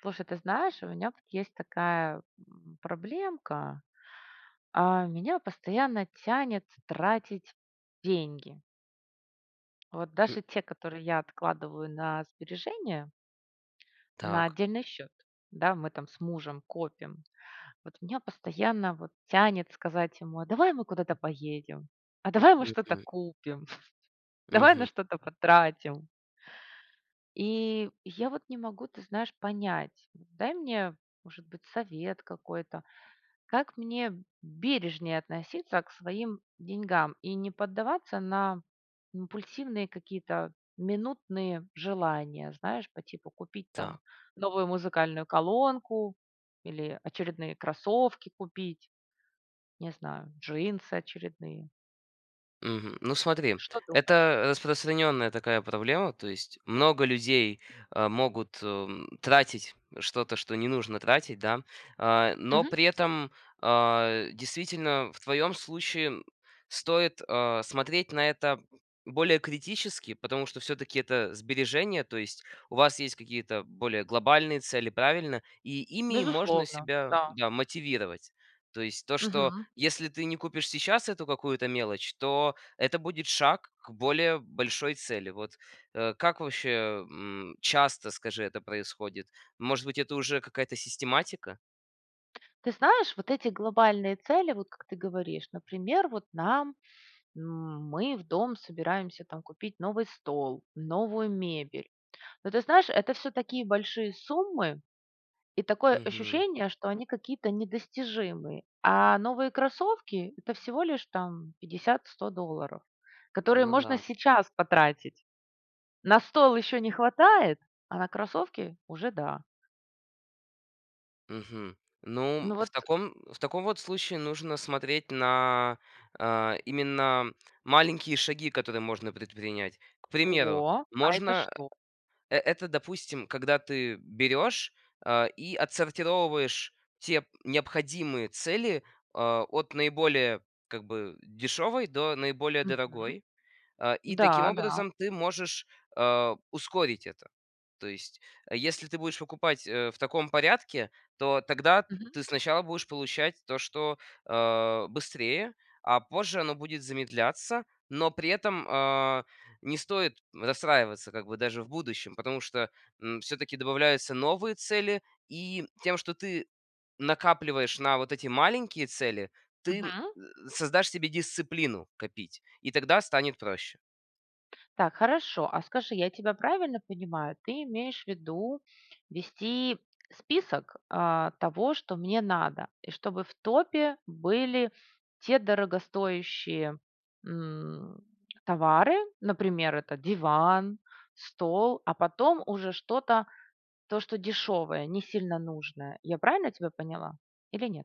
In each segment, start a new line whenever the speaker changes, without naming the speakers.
Слушай, ты знаешь, у меня тут есть такая, м, проблемка, а, меня постоянно тянет тратить деньги. Вот
М.
даже те, которые я откладываю на сбережения на
Так.
отдельный счет, да, мы там с мужем копим, вот меня постоянно вот тянет сказать ему: "А давай мы куда-то поедем? А давай мы что-то
Мгм.
купим? Давай
Мгм.
на что-то потратим?" И я вот не могу, ты знаешь, понять. Дай мне, может быть, совет какой-то, как мне бережнее относиться к своим деньгам и не поддаваться на импульсивные какие-то минутные желания, знаешь, по типу купить там
Так.
новую музыкальную колонку или очередные кроссовки купить, не знаю, джинсы очередные.
Мгм. Ну смотри,
Что думаешь?
это распространенная такая проблема, то есть много людей, э, могут, м, тратить что-то, что не нужно тратить, да, а, но
Мгм.
при этом, а, действительно, в твоем случае, м, стоит, а, смотреть на это более критически, потому что всё-таки это сбережения, то есть у вас есть какие-то более глобальные цели, правильно? И ими можно
Безусловно.
себя,
Да.
да, мотивировать. То есть то, что
Мгм.
если ты не купишь сейчас эту какую-то, то мелочь, то это будет шаг к более большой цели, вот. Э, как ваще, м, часто, скажи, это происходит? Может быть, это уже какая-то систематика?
Ты знаешь, вот эти глобальные цели, вот как ты говоришь, например, вот нам, м, мы в дом собираемся, там, купить новый стол, новую мебель, но, ты знаешь, это всё такие большие суммы и такое
Мгм.
ощущение, что они какие-то недостижимые. А новые кроссовки- это всего лишь там 50-100 долларов, которые
Ну
можно
да.
сейчас потратить. На стол еще не хватает, а на кроссовки- уже да.
Мгм. Ну,
Ну
в
вот
таком в таком вот случае нужно смотреть на, а, именно маленькие шаги, которые можно предпринять. К примеру,
О, а это
можно,
что?
э это, допустим, когда ты берешь, а, и отсортировываешь те необходимые цели, а, от наиболее, как бы, дешевой до наиболее
Мгм.
дорогой. Э, и таким
Да, да.
образом ты можешь, э, ускорить это. То есть, э, если ты будешь покупать, э, в таком порядке, то тогда
Мгм.
ты сначала будешь получать то, что, э, быстрее, а позже оно будет замедляться, но при этом, а, не стоит расстраиваться как бы даже в будущем, потому что, м, всё-таки добавляются новые цели, и тем, что ты накапливаешь на вот эти маленькие цели, ты
Мгм.
создашь себе дисциплину копить, и тогда станет проще.
Так, хорошо, а скажи, я тебя правильно понимаю? Ты имеешь в виду вести список, а, того, что мне надо, и чтобы в топе были те дорогостоящие, м, товары, например, это диван, стол, а потом уже что-то, то что дешевое, не сильно нужное. Я правильно тебя поняла или нет?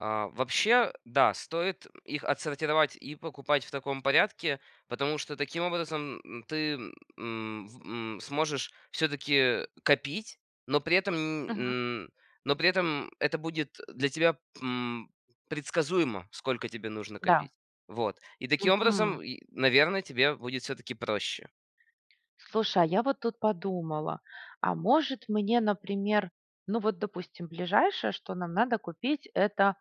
А, вообще, да, стоит их отсортировать, и покупать в таком порядке, потому что таким образом ты, м, м, сможешь всё-таки копить, но при этом ни
Мгм.
м но при этом это будет для тебя, м, предсказуемо, сколько тебе нужно
Да.
копить. Вот. И таким
Мгм.
образом, и, наверное, тебе будет всё-таки проще.
Слушай, а я вот тут подумала, а, может, мне, например, ну вот допустим ближайшее, что нам надо купить- это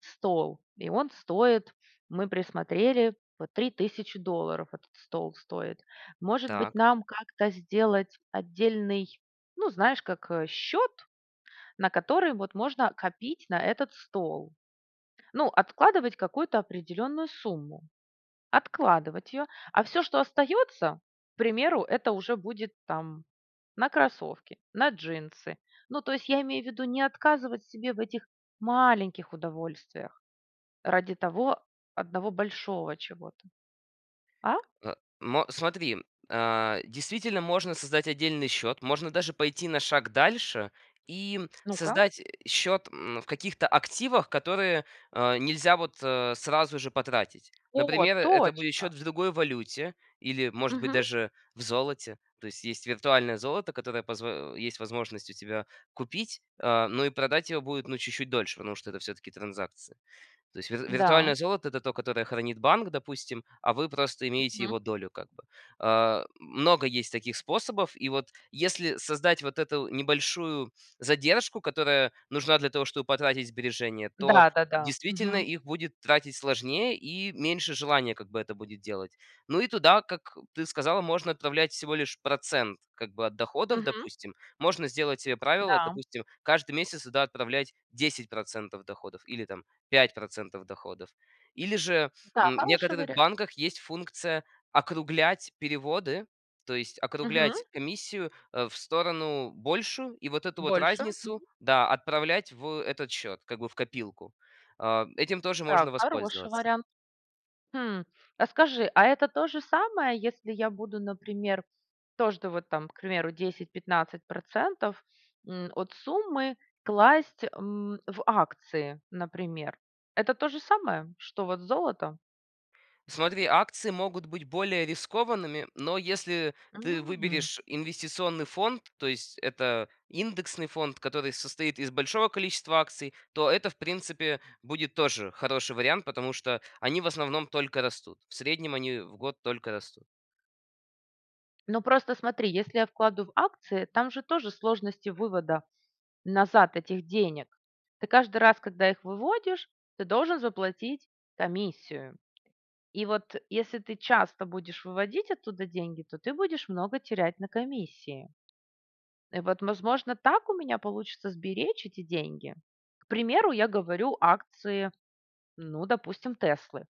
стол, и он стоит, мы присмотрели, 3 000 долларов этот стол стоит. Может быть,
Так.
нам как-то сделать отдельный, ну, знаешь как, счет, на который вот можно копить на этот стол? Ну, откладывать какую-то определенную сумму, откладывать ее, а всё, что остается, к примеру- это уже будет там на кроссовки, на джинсы. Ну, то есть я имею в виду не отказывать себе в этих маленьких удовольствиях ради того одного большого чего-то. А?
Э, мо смотри, а, действительно можно создать отдельный счет, можно даже пойти на шаг дальше и
Ну-ка.
создать счет, м, в каких-то активах, которые, а, нельзя вот сразу же потратить.
О,
Например, это будет
точно!
счет в другой валюте или, может быть,
Мгм.
даже в золоте. То есть есть виртуальное золото, которое позв есть возможность у тебя купить, э, но и продать его будет чуть-чуть дольше, потому что это всё-таки транзакции. То есть вир виртуальное
Да.
золото- это то, которое хранит банк, допустим, а вы просто имеете
Мгм.
его долю как бы. Э, много есть таких способов, и вот если создать вот эту небольшую задержку, которая нужна для того, чтобы потратить сбережения, то,
Да, да-да.
действительно,
Мгм.
их будет тратить сложнее и меньше желания как бы это будет делать. Ну и туда, как ты сказала, можно отправлять всего лишь процент как бы от доходов,
Мгм.
допустим. Можно сделать себе правило,
Да.
допустим, каждый месяц туда отправлять 10 % доходов или, там, 5 % доходов. Или же,
Да,
м, в
хороший
некоторых
вариант.
банках есть функция округлять переводы, то есть
Мгм.
округлять комиссию, э, в сторону большую, и вот эту вот
Больше.
разницу,
Мгм.
да, отправлять в этот счет, как бы в копилку. А, этим тоже
Так.
можно
Хороший
воспользоваться.
вариант. Хм. А скажи, а это то же самое, если я буду, например, тоже вот там, к примеру, 10-15 %, м, от суммы класть, м, в акции, например? Это то же самое, что вот золото?
Смотри, акции могут быть более рискованными, но если ты
М.
выберешь инвестиционный фонд, то есть это индексный фонд, который состоит из большого количества акций, то это в принципе будет тоже хороший вариант, потому что они в основном только растут. В среднем они в год только растут.
Ну, просто смотри, если я вкладу в акции, там же тоже сложности вывода назад этих денег. Ты каждый раз, когда их выводишь, ты должен заплатить комиссию. И вот, если ты часто будешь выводить оттуда деньги, то ты будешь много терять на комиссии. Э, вот возможно, так у меня получится сберечь эти деньги? К примеру, я говорю акции, ну, допустим, "Теслы".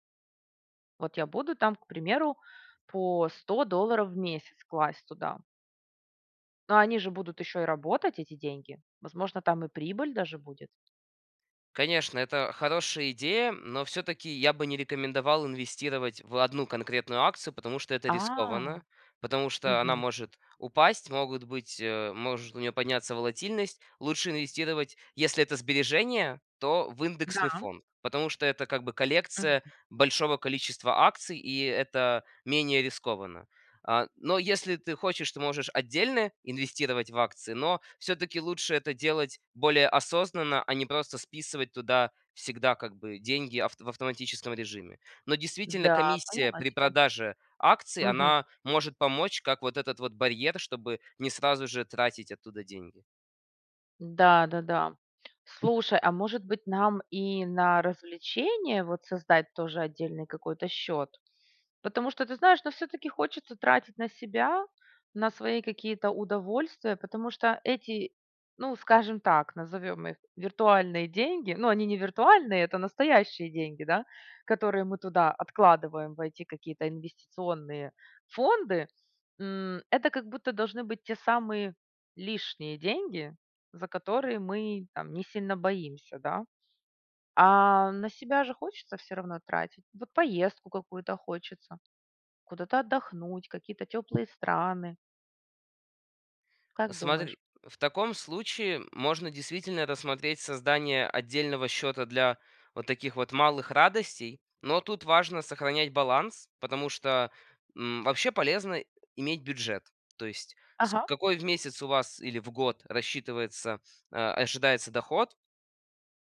Вот я буду там, к примеру, по 100 долларов в месяц класть туда. Но они же будут еще и работать, эти деньги, возможно, там и прибыль даже будет.
Конечно, это хорошая идея, но всё-таки я бы не рекомендовал инвестировать в 1 конкретную акцию, потому что это
А.
рискованно, потому что она
Мгм.
может упасть, могут быть, э, может у нее подняться волатильность. Лучше инвестировать, если это сбережения, то в индексный
Да.
фонд. Потому что это как бы коллекция
Мгм.
большого количества акций, и это менее рискованно. А, но если ты хочешь, то можешь отдельно инвестировать в акции, но всё-таки лучше это делать более осознанно, а не просто списывать туда всегда как бы деньги авт в автоматическом режиме. Но, действительно,
Да,
комиссия
поняла
при
тебя.
продаже акций-
Мгм.
она может помочь как вот этот вот барьер, чтобы не сразу же тратить оттуда деньги.
Да, да, да. Слушай, а может быть нам и на развлечение, вот, создать тоже отдельный какой-то счет? Потому что, ты знаешь, но всё-таки хочется тратить на себя, на свои какие-то удовольствия, потому что эти, ну, скажем так, назовем их виртуальные деньги- ну, они не виртуальные, это настоящие деньги, да, которые мы туда откладываем в эти какие-то инвестиционные фонды, м, это как будто должны быть те самые лишние деньги, за которые мы, там, не сильно боимся, да. А на себя же хочется все равно тратить. Вот поездку какую-то хочется, куда-то отдохнуть, какие-то теплые страны. Как думаешь?
Смотри. В таком случае можно действительно рассмотреть создание отдельного счета для вот таких вот малых радостей, но тут важно сохранять баланс, потому что, м, вообще полезно иметь бюджет. То есть с
Ага.
какой в месяц у вас или в год рассчитывается, э, ожидается доход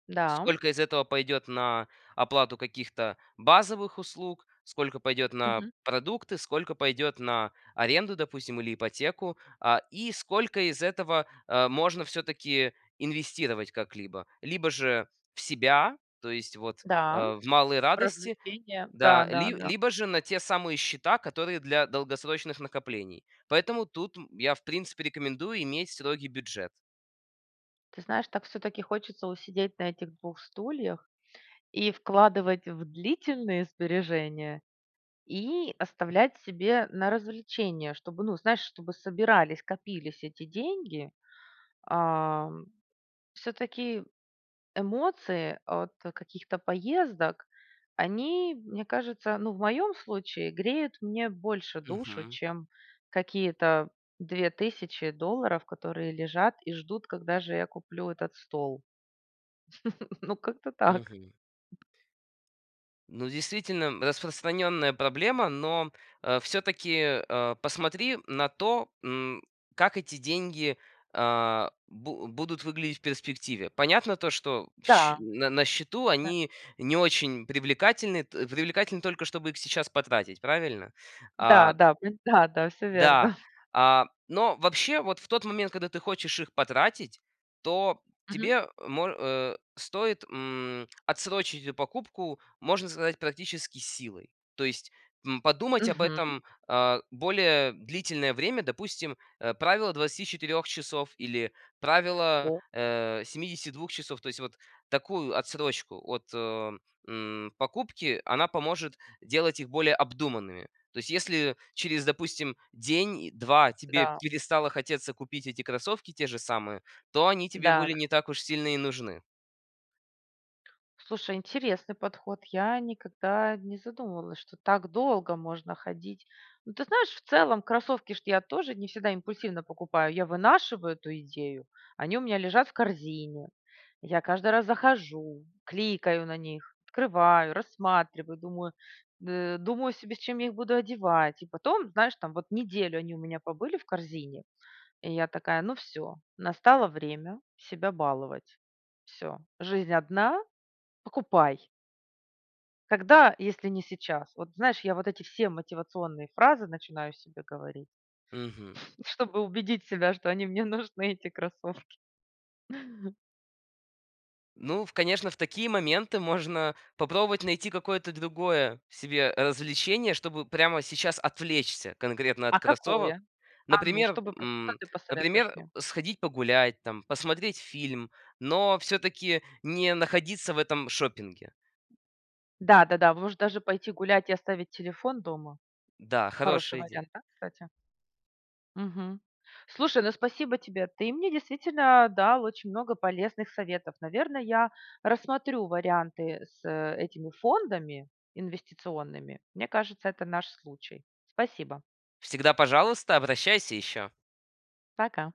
Да.
сколько из этого пойдет на оплату каких-то базовых услуг, сколько пойдет на
Мгм.
продукты, сколько пойдет на аренду, допустим, или ипотеку, а, и сколько из этого, э, можно всё-таки инвестировать как-либо. Либо же в себя, то есть вот,
Да.
э, в малые радости,
Развлечения. Да,
да,
да, да.
либо же на те самые счета, которые для долгосрочных накоплений. Поэтому тут я, в принципе, рекомендую иметь строгий бюджет.
Ты знаешь, так всё-таки хочется усидеть на этих 2 стульях: и вкладывать в длительные сбережения, и оставлять себе на развлечения, чтобы, ну, знаешь, чтобы собирались, копились эти деньги. А. Всё-таки эмоции от каких-то поездок- они, мне кажется, ну, в моем случае греют мне больше душу,
Мгм.
чем какие-то 2000 долларов, которые лежат и ждут, когда же я куплю этот стол. Ну, как-то так.
Мгм. Ну, действительно, распространенная проблема, но, э, всё-таки, э, посмотри на то, м, как эти деньги, а, бу будут выглядеть в перспективе. Понятно то, что щ
Да.
на на счету они не очень привлекательны т привлекательны только, чтобы их сейчас потратить, правильно? А
Да-да. Вп Всё верно.
да, а, но вообще, вот в тот момент, когда ты хочешь их потратить, то
Мгм.
тебе мо э, стоит, м, отсрочить эту покупку, можно сказать, практически силой. То есть, м, подумать об
Мгм.
этом, а, более длительное время, допустим, э, правило 24 часов или правило,
Опа.
э, 72 часов- то есть вот такую отсрочку от, м, покупки, она поможет делать их более обдуманными. То есть если через, допустим, день-два тебе
Да.
перестало хотеться купить эти кроссовки, те же самые, то они тебе
Да,
были
да.
не так уж сильно и нужны.
Слушай, интересный подход, я никогда не задумывалась, что так долго можно ходить. Ну, ты знаешь, в целом кроссовки ж я тоже не всегда импульсивно покупаю, я вынашиваю эту идею, они у меня лежат в корзине, я каждый раз захожу, кликаю на них, открываю, рассматриваю, думаю д думаю себе, с чем я их буду одевать и потом, знаешь там, неделю они у меня побыли в корзине, и я такая: ну всё, настало время себя баловать, всё. Жизнь одна- покупай! Когда, если не сейчас. Вот знаешь, я вот эти все мотивационные фразы начинаю себе говорить,
Мгм.
чтобы убедить себя, что они мне нужны, эти кроссовки.
Ну, конечно, в такие моменты можно попробовать найти какое-то другое себе развлечение, чтобы прямо сейчас отвлечься конкретно
А
от кроссовок.
какое? А ну,
Например,
чтобы что
м,
ты посоветуешь
например,
мне?
сходить погулять там, посмотреть фильм, но всё-таки не находиться в этом шопинге.
Да-да-да. Может, даже пойти гулять и оставить телефон дома.
Да,
Хороший
хорошая идея.
вариант, да, кстати? Мгм. Слушай, ну, спасибо тебе, ты мне действительно дал очень много полезных советов. Наверно, я рассмотрю варианты с этими фондами инвестиционными. Мне кажется, это наш случай. Спасибо!
Всегда, пожалуйста, обращайся еще.
Пока.